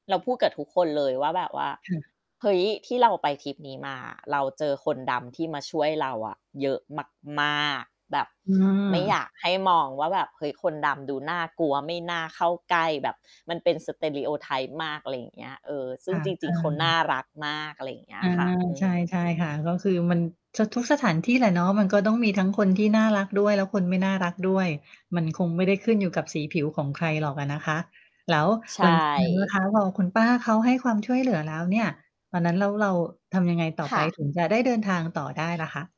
เราพูดกับทุกคนเลยว่าแบบว่า ค่ะ "เฮ้ย ที่เราไปทริปนี้มา เราเจอคนดำที่มาช่วยเราอะ เยอะมาก ๆ แบบอไม่อยา ากให้มองว่าแบบ เฮ้ย คนดำดูน่ากลัวไม่น่าเข้าใกล้แบบมันเป็น Stereotype อะไรอย่างเงี้ย เออ ซึค่ง่ะ จรเอิง ๆ เขาน่อ ารักมาก" อะไรอย่างเงี้อยา ค่ะ อืใช่ ม ใช่ค่ะ ก็คือมัน จะทุกสถานที่แหละเนาะ มันก็ต้องมีทั้งคนที่น่ารักด้วย แล้วคนที่ไม่น่ารักด้วย มันคงไม่ได้ขึ้นอยู่กับสีผิวของใครหรอกอะนะคะ แล้วใชหลัง จากนั้นนะ่ คะ พอคุณป้าเขาให้ความช่วย เหลือ แล้วเนี่ย ตอนนั้นแล้วเราทำยังไงต่อคไป่ะ ถึงจะได้ เดิน ทางต่อได้ล่ะคะ?